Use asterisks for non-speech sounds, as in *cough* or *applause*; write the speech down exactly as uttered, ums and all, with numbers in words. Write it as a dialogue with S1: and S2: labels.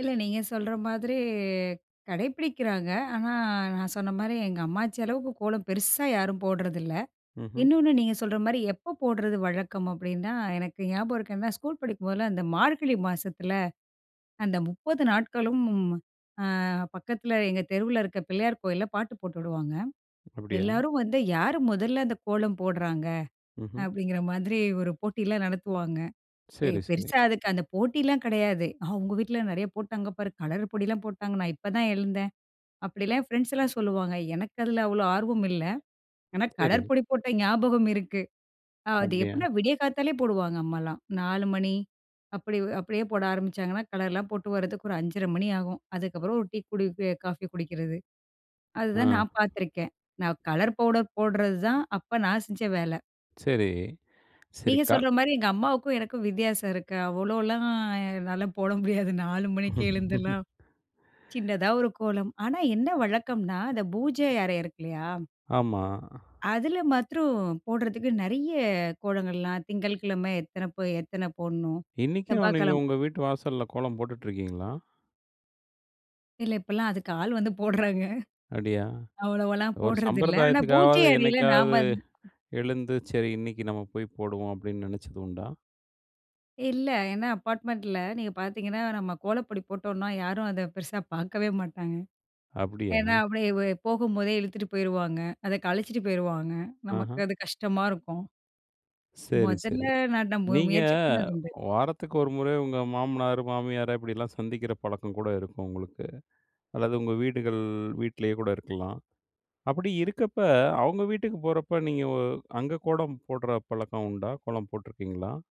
S1: இல்லை, நீங்க சொல்ற மாதிரி கடைப்பிடிக்கிறாங்க, ஆனா நான் சொன்ன மாரி எங்க அம்மாச்சி அளவுக்கு கோலம் பெருசா யாரும் போடுறதில்லை.
S2: ம்ஹ்ம்.
S1: இன்னொன்னு, நீங்க சொல்ற மாரி எப்ப போடுறது வழக்கம் அப்படின்னா, எனக்கு ஞாபகம் இருக்கு. ஏன்னா ஸ்கூல் படிக்கும்போதெல்லாம் இந்த மார்கழி மாசத்தில அந்த முப்பது நாட்களும், அ பக்கத்தில எங்க தெருவுல இருக்க பிள்ளையார் கோயில்ல பாட்டு போட்டு விடுவாங்க.
S2: அப்படியா?
S1: எல்லாரும் வந்து "யாரு மொதல்ல அந்த கோலம் போடுறாங்க"
S2: ம்ஹ்ம்.
S1: அப்படிங்கிற மாதிரி ஒரு போட்டியெல்லாம் நடத்துவாங்க. ஏ,
S2: சரி சரி.
S1: பெருசா அதுக்கு அந்த போட்டிலாம் கிடையாது "அவுங்க வீட்ல நெறைய போட்டாங்க பாரு, கலர் பொடிலாம் போட்டாங்க, நான் இப்பதான் எழுந்தேன்" அப்படிலாம் என் ஃப்ரெண்ட்ஸ்லாம் சொல்லுவாங்க. எனக்கு அதில அவ்வளோ ஆர்வம் இல்ல. ஏன்னா
S2: சரிங்க.
S1: கலர் பொடி போட்ட ஞாபகம் இருக்கு. அது
S2: அப்படியா?
S1: எப்படின்னா, விடிய காத்தாலே போடுவாங்க. அம்மாலாம் நாலு மணி, அப்படி அப்படியே போட ஆரம்பிச்சாங்கன்னா, கலர்லாம் போட்டு வரதுக்கு ஒரு அஞ்சர மணி ஆகும். அதுக்கப்புறம் ஒரு டீ குடிக்கி காஃபி குடிக்கிறது, அதுதான் நான்
S2: அ.
S1: பாத்துருக்கேன். நான் கலர் பவுடர் போடுறது தான், அப்ப நான் செஞ்ச வேலை.
S2: சரி,
S1: நீங்க
S2: சரிக்கால்
S1: சொல்ற மாரி எங்க அம்மாவுக்கும் எனக்கும் வித்தியாசம் இருக்கு. அவ்வளோலாம் என்னால போட முடியாது. நாலு மணிக்கே எழுந்தலாம்.
S2: *laughs*
S1: சின்னதா ஒரு கோலம். ஆனா என்ன வழக்கம்ன்னா, அந்த பூஜை அறை இருக்குல்லயா.
S2: ஆமா.
S1: அதில மாத்திரம் போடுறதுக்கு, நெறைய கோலங்கள்லாம் திங்கள்கிழமை எத்தனை போ எத்தனை போடணும்!
S2: இன்னிக்கும் நீங்க
S1: செவ்வாய்கிழமை
S2: உங்க வீட்டு வாசல்ல கோலம் போட்டுட்டுருக்கீங்களா?
S1: இல்லை இப்பலாம் அதுக்கு ஆள் வந்து போடுறாங்க
S2: அப்டியா?
S1: அவ்வளலவாலாம்
S2: ஒரு
S1: போடுறதில்லை. ஆனா பூஜை
S2: சம்பிரதாயத்துக்காவது,
S1: அறையில
S2: என்னைக்காவது
S1: நாம *unintelligible*
S2: எழுந்து, "சரி இன்னிக்கு நம்ம போய் போடுவோம்" அப்டின்னு நெனச்சது உண்டா?
S1: இல்லை, ஏன்னா அபார்ட்மெண்ட்ல நீங்க பாத்தீங்கன்னா, நம்ம கோலப்பொடி போட்டோம்னா, யாரும் அத பெருசா பாக்கவே மாட்டாங்க.
S2: அப்படியா?
S1: ஏன்னா அப்படியே வ போகும்போதே இழுத்துட்டு போயிருவாங்க. அதை கலச்சிட்டு போயிருவாங்க. நமக்கு
S2: ஆஹ.
S1: அது கஷ்டமா இருக்கும்.
S2: சரி
S1: மொதல்ல
S2: சரி
S1: நான் நா
S2: நீங்க,
S1: முயற்சி பண்ணது உண்டு.
S2: வாரத்துக்கு ஒரு முறை உங்க மாமனாரு, மாமியாரை இப்படியெல்லாம் சந்திக்கிற பழக்கம் கூட இருக்கும் உங்களுக்கு. அல்லது உங்க வீடுகள் வீட்லயே கூட இருக்கலாம். அப்படி இருக்கப்ப அவுங்க வீட்டுக்கு போறப்போ நீங்க வ அங்க கோடம் போடுற பழக்கம் உண்டா? கோலம் போட்ருக்கீங்களா?